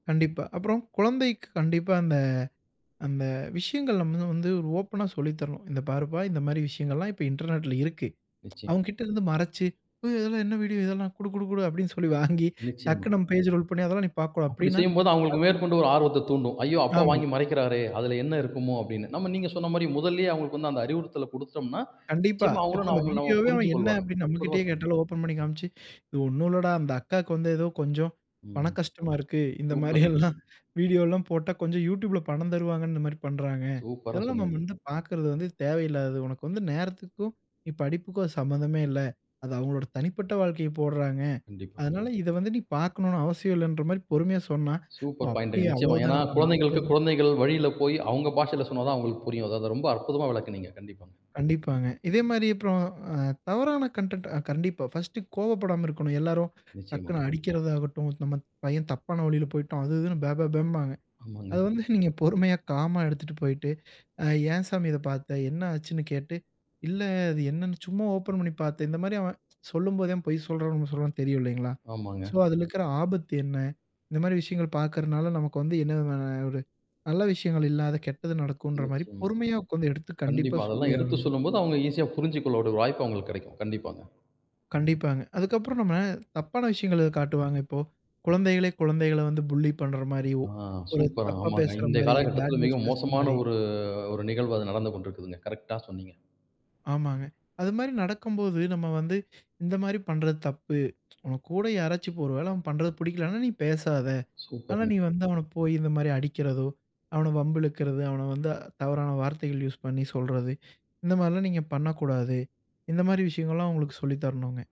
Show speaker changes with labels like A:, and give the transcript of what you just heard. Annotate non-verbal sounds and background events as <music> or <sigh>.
A: கண்டிப்பா. அப்புறம் குழந்தைக்கு கண்டிப்பா அந்த அந்த விஷயங்கள் நம்பதான் வந்து ஓப்பன்னா சொல்லித்தரனும். "இந்த பாருப்பா இந்த மாரி விஷயங்கலெல்லாம் இப்ப இன்டர்னெட்ல இருக்கு"
B: நிச்சிம்.
A: அவுங்ககிட்ட இருந்து மறச்சு, "அயோ இதெல்லாம் என்ன வீடியோ இதெல்லாம், குடு குடு குடு" அப்படின்னு சொல்லி வாங்கி
B: நிச்சயமா.
A: டக்குனு நம்ம பேஜ் ரோல் பண்ணி, "அதெல்லாம் நீ பாக்கக்கூடாது"
B: அப்படி
A: அப்படின்னா,
B: செய்யம்போது அவுங்களுக்கு
A: அத்
B: மேற்கொண்டு ஒரு ஆர்வத்த தூண்டும். "ஐயோ! அப்பா
A: ஆமா.
B: வாங்கி மறைக்கிறாரே, அதில என்ன இருக்குமோ!" அப்படின்னு. நம்ம நீங்க சொன்ன மாரி முதல்லயே அவுங்களுக்கு வந்து அந்த அறிவுறுத்தல குடுத்தோம்ன்னா,
A: கண்டிப்பா.
B: நிச்சயமா
A: இப்போ
B: அவுங்களும் ந
A: அந்த
B: அவங்களும் நம்ம
A: வீடியோவே அவன்,
B: புரிஞ்சு
A: "என்ன?"
B: கொள்வாங்க.
A: அப்படின்னு நம்ம
B: அற்புதமா
A: கிட்டயே
B: சொன்னீங்க.
A: கேட்டாலும், ஓப்பன் பண்ணி காமிச்சு, "இது ஒண்ணும் இல்லடா, அந்த அக்காக்கு வந்து ஏதோ கொஞ்சம் பண
B: ம்.
A: கஷ்டமா இருக்கு. இந்த
B: சூப்பர்ங்க.
A: மாரியெல்லாம் வீடியோல்லாம் போட்டா கொஞ்சம் YouTubeல பணம் தருவாங்கன்னு இந்த மாரி பண்றாங்க.
B: சூப்பரா
A: இதெல்லாம் நம்ம
B: சொன்னீங்க.
A: வந்து பாக்கிறது வந்து தேவையில்லாதது. உனக்கு வந்து நேரத்துக்கும், நீ படிப்புக்கும் அது சம்மந்தமே இல்ல. அது அவுங்களோட தனிப்பட்ட வாழ்க்கைய போடுறாங்க"
B: கண்டிப்பா.
A: அதனால, இத வந்து நீ பாக்கனுன்னு அவசியமில்லன்ற மாரி பொறுமையா சொன்னா, ஓ!
B: சூப்பர் பாயிண்ட்டுங்க
A: அப்படியா அவ்வளோ
B: நிச்சயமா. ஏன்னா,
A: தானா நான் கூடா
B: குழந்தைகளுக்கு
A: எது
B: குழந்தைகள் வழியில போய், அவுங்க பாஷையில சொன்னா தான் அவுங்களுக்கு புரியும். அதான் அத ரொம்ப அற்புதமா விளக்குனீங்க. கண்டிப்பா.
A: கண்டிப்பாங்க. இதே மாரி அப்புறம் அ தவறான கன்டென்ட் ஆ கண்டிப்பா 1டு கோபப்படாம இருக்கணும். எல்லாரும்
B: நிச்சயமா.
A: டக்குனு அடிக்கிறதாகட்டும், "நம்ம பையன் தப்பான வழியில போய்ட்டான்" அது இதுன்னு பே பே பேம்பாங்க.
B: ஆமாங்க.
A: அத வந்து நீங்க பொறுமையா, காமா எடுத்துட்டு போய்ட்டு, அ "ஏன் சாமி இத பாத்த?" என்ன ஆச்சுன்னு? கேட்டு, "இல்ல, அது என்னான்னு சும்மா ஓப்பன் பண்ணி பாத்தேன்" இந்த மாரி அவன் சொல்லும்போதே அவன் பொய் சொல்றானா, உண்ம சொல்றானான்னு தெரியும் இல்லைங்களா?
B: ஆமாங்க.
A: சோ அதில இருக்கிற ஆபத்து என்ன? இந்த மாரி விஷயங்கள் பாக்கிறனால, நமக்கு வந்து என்ன விதமான ஒரு நல்ல விஷயங்கள், இல்லாத கெட்டது நடக்குன்ற மாரி,
B: நிச்சயமா.
A: பொறுமையா உக்காந்து, எடுத்து கண்டிப்பா
B: கண்டிப்பா. அதெல்லாம்
A: சொல்லியே
B: எடுத்துச்
A: ஆகணும்.
B: சொல்லும்போது, அவுங்க ஈசியா புரிஞ்சுகொள்ள கூடிய ஒரு வாய்ப்பு அவுங்களுக்கு கெடைக்கும். கண்டிப்பா தான்.
A: கண்டிப்பாங்க. அதுக்கப்புறம் நம்ம, தப்பான விஷயங்கள் எது காட்டுவாங்க. இப்போ? குழந்தைகளே குழந்தைகள வந்து புல்லி பண்ற மாரியோ,
B: ஆ
A: ஒரு
B: சூப்பர்.
A: தப்பா
B: ஆமாங்க.
A: பேசுற
B: இன்றைய
A: மாரி, பேட்
B: காலகட்டத்தில, மிக
A: வேர்ட்ஸ் பேசுற
B: மோசமான
A: மாரி
B: ஒரு, அ ஒரு நிகழ்வு அது நடந்து கொண்டிருக்குதுங்க. கரெக்ட்டா சொன்னீங்க.
A: ஆமாங்க. அது மாரி நடக்கம்போது, நம்ம வந்து இந்த மாரி பண்றது தப்பு, <tsk> உன் கூட யாராச்சும் ஒரு வேளை அவன் பண்றது புடிக்கலன்னா நீ பேசாத. ஆனா நீ
B: சூப்பர்ங்க.
A: வந்து அவன போயி இந்த மாரி அடிக்கிறதோ, அவன வம்பு இழுக்கிறது, அவன வந்து தவறான வார்த்தைகள் யூஸ் பண்ணி சொல்றது, இந்த மாரிலாம் நீங்க பண்ணக்கூடாது. இந்த மாரி விஷயங்கள்லாம் அவுங்களுக்கு சொல்லி தரணுங்க.